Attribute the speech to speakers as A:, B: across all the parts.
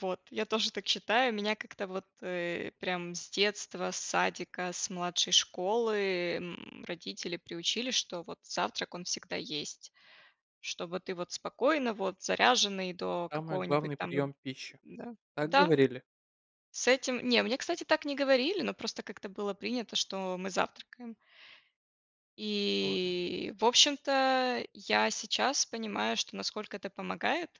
A: Вот, я тоже так считаю. Меня как-то вот, э, прям с детства, с садика, с младшей школы, м, родители приучили, что вот завтрак, он всегда есть. Чтобы ты вот спокойно вот заряженный до
B: Самый
A: какого-нибудь
B: главный
A: там
B: прием пищи.
A: да,
B: Так
A: да.
B: говорили?
A: С этим не мне, кстати, так не говорили, но просто как-то было принято, что мы завтракаем.
B: Норма.
A: И, в общем-то, я сейчас понимаю, что насколько это помогает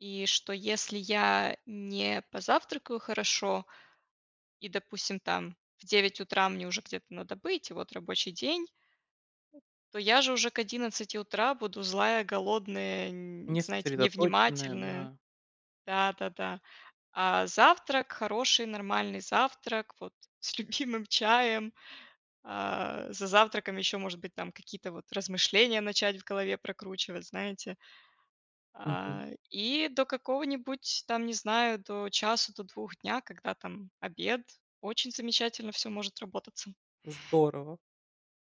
A: и что если я не позавтракаю хорошо и, допустим, там в 9 утра мне уже где-то надо быть, вот рабочий день, то я же уже к 11 утра буду злая, голодная, н
B: Не
A: знаете,
B: сосредоточенная,
A: невнимательная.
B: да.
A: Да-да-да. А завтрак хороший, нормальный завтрак вот с любимым чаем. А, за завтраком еще, может быть, какие-то размышления начать в голове прокручивать, знаете.
B: Мгм.
A: А, и до какого-нибудь там не знаю, до часа, до 2 дня, когда там обед. Очень замечательно всё может работаться.
B: Здорово.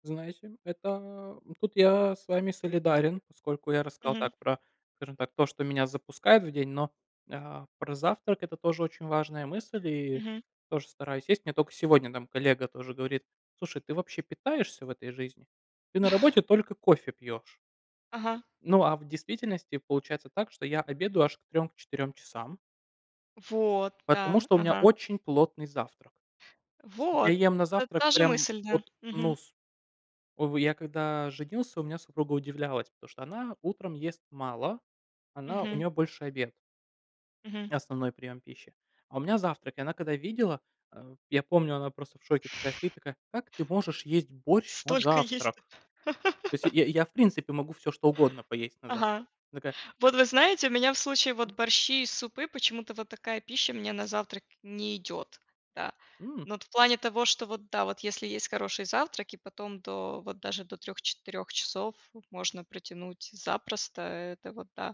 B: Знаете, это тут я с вами солидарен, поскольку я рассказал
A: Мгм.
B: так про, скажем так, то, что меня запускает в день, но, а, про завтрак- это тоже очень важная мысль и
A: Мгм.
B: тоже стараюсь есть. Мне только сегодня там коллега тоже говорит: "Слушай, ты вообще питаешься в этой жизни? Ты на работе только кофе пьёшь."
A: Ага.
B: Ну, а в действительности получается так, что я обедаю аж к 3, к 4 часам.
A: Вот!
B: Потому
A: Да.
B: что у меня
A: Ага.
B: очень плотный завтрак. Я
A: Вот!
B: ем на
A: Т
B: завтрак
A: та же
B: прям
A: мысль, да.
B: вот, ну,
A: Мгм.
B: с о, я когда женился, у меня супруга удивлялась, потому что она утром ест мало, она у
A: Мгм.
B: нее больше обед
A: Мгм.
B: основной прием пищи. А у меня завтрак. И она когда видела, э, я помню, она просто в шоке такая сидит, такая: "Как ты можешь есть борщ на
A: Столько есть!
B: завтрак?" То есть, я я, в принципе, могу всё, что угодно поесть на завтрак.
A: Ага.
B: Такая.
A: Вот вы знаете, у меня в случае вот борщи и супы, почему-то, вот такая пища у меня на завтрак не идет. Да.
B: М.
A: Но вот в плане того, что вот да, вот если есть хороший завтрак и потом до вот даже до 3-4 часов можно протянуть запросто, это вот да.